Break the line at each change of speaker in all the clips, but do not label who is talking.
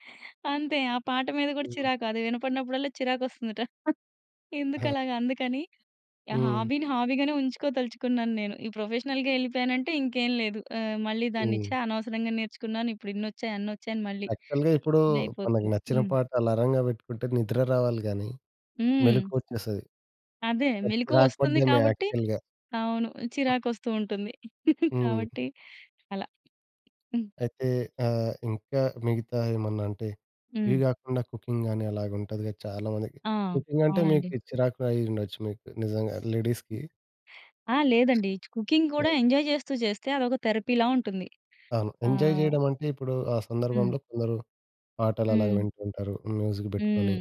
అంతే ఆ పాట మీద కూడా
హ్మ్.
చిరాకు. అది వినపడినప్పుడల్లా చిరాకొస్తుందట ఎందుకు
ఆ!
అలాగా అందుకని. ఆహ్,
హ్మ్.
హాబీని హాబీగానే ఉంచుకోదలుచుకున్నాను నేను. ఈ ప్రొఫెషనల్‌గా ఎళ్ళిపోయాను అంటే ఇంకేం లేదు. ఆహ్, మళ్ళీ దాన్ని, "ఛ!
హ్మ్.
అనవసరంగా నేర్చుకున్నాను. ఇప్పుడిన్ని ఒచ్చాయి, అన్నొచ్చాయి" అని మళ్ళీ
యాక్చువల్‌గా ఇప్పుడు మనకు
ఇదయిపోతుంది.
నచ్చిన
హ్మ్.
పాట అలారంగా పెట్టుకుంటే నిద్ర రావాలి గాని
హ్మ్.
మెలుకువొచ్చేస్తది.
అదే. మెలుకువ
చిరాకు
వస్తుంది
పడ్డాను
కాబట్టి
యాక్చువల్‌గా.
అవును. చిరాకొస్తూ ఉంటుంది.
హ్మ్.
కాబట్టి అలా. హ్మ్.
అయితే ఆహ్, ఇంకా మిగతా ఏమన్నా అంటే
హ్మ్.
ఇవి కాకుండా కుకింగ్ గాని అలాగా ఉంటది కదా! చాలామందికి
ఆ!
కుకింగ్ అంటే
అవునండి.
మీకు చిరాకు కూడా అయ్యుండొచ్చు మీకు నిజంగా లేడీస్‌కి.
ఆ! లేదండి. కుకింగ్ కూడా
అవును.
ఎంజాయ్ చేస్తూ చేస్తే అదొక థెరపీలా ఉంటుంది.
అవును.
ఆ!
ఎంజాయ్ చేయడం అంటే ఇప్పుడు ఆ
హ్మ్.
సందర్భంలో కొందరు పాటలలాగ
హ్మ్.
వింటూ ఉంటారు. మ్యూజిక్ పెట్టుకొని
హ్మ్.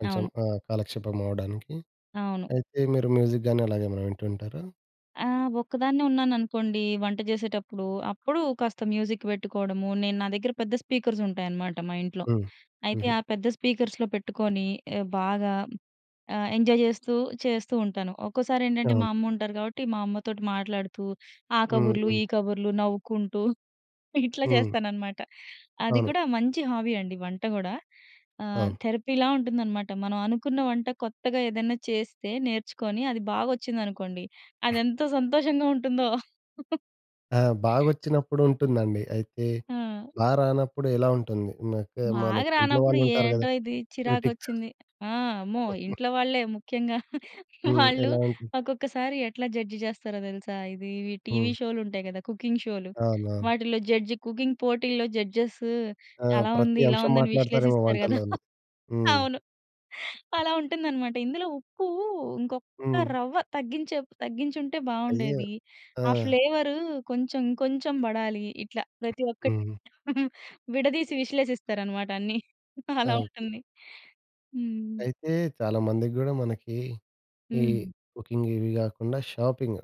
కొంచెం.
అవును.
ఆహ్, కాలక్షేపం అవ్వడానికి
అవును.
అయితే మీరు మ్యూజిక్ గాని అలాగేమైనా వింటూ ఉంటారా?
ఆ! ఒక్కదాన్నే ఉన్నాననుకోండి వంట చేసేటప్పుడు అప్పుడు కాస్త మ్యూజిక్ పెట్టుకోవడము, నేను నా దగ్గర పెద్ద స్పీకర్స్ ఉంటాయి అనమాట మా ఇంట్లో.
హ్మ్.
అయితే
హుహు.
ఆ పెద్ద స్పీకర్ల్సో పెట్టుకొని బాగా ఆహ్, ఎంజాయ్ చేస్తూ చేస్తూ ఉంటాను. ఒక్కోసారేంటంటే మా
అవును.
అమ్మ ఉంటారు కాబట్టి మా అమ్మతోటి మాట్లాడుతూ ఆ కబుర్లు ఈ
హుహు.
కబుర్లు నవ్వుకుంటూ ఇట్లా
హ్మ్.
చేస్తాననమాట. అది
అవును.
కూడా మంచి హాబీ అండి వంట కూడా. ఆహ్,
అవును.
థెరపీ లా ఉంటుందనమాట. మనం అనుకున్న వంట కొత్తగా ఏదైనా చేస్తే నేర్చుకొని అది బాగొచ్చిందనుకోండి అదెంత సంతోషంగా ఉంటుందో.
ఆ! బాగొచ్చినప్పుడు ఉంటుందండి. అయితే
ఆ!
బాగా రానప్పుడు ఎలా ఉంటుంది? మనకు మన
బాగా
ఇంట్లో
రానప్పుడు
వాళ్ళుంటారు కదా
ఏంటో ఇది
క్రిటిక్స్.
చిరాకొచ్చింది. ఆ! అమ్మో! ఇంట్లో వాళ్ళే ముఖ్యంగా
హ్మ్.
వాళ్ళు
ఎలాంటి?
ఒక్కొక్కసారి ఎట్లా జడ్జ్ చేస్తారో తెలుసా? ఇది టీవీ
హ్మ్.
షోలు ఉంటాయి కదా! కుకింగ్ షోలు.
అవును, అవును.
వాటిలో జడ్జ్, కుకింగ్ పోటీల్లో జడ్జెస్
ఆ!
అలా ఉంది,
ప్రతి
ఇలా
అంశం
ఉంది అనే
మాట్లాడుతారేమో
విశ్లేషిస్తారు కదా!
వంటల్లోని. హ్మ్.
అవును. అలా ఉంటుందన్నమాట, "ఇందులో ఉప్పు ఇంకొక్క
హ్మ్.
రవ్వ తగ్గించే తగ్గించి ఉంటే
అయ్యో!
బావుండేది.
ఆ!
ఆ ఫ్లేవరు కొంచెం ఇంకొంచెం పడాలి" ఇట్లా ప్రతి ఒక్కటి
హ్మ్.
విడదీసి విశ్లేషిస్తారన్నమాట అన్ని. అలా
అవును.
ఉంటుంది. హ్మ్.
అయితే చాలామందికి కూడా మనకి ఈ
హ్మ్.
కుకింగ్ ఇవి కాకుండా షాపింగ్.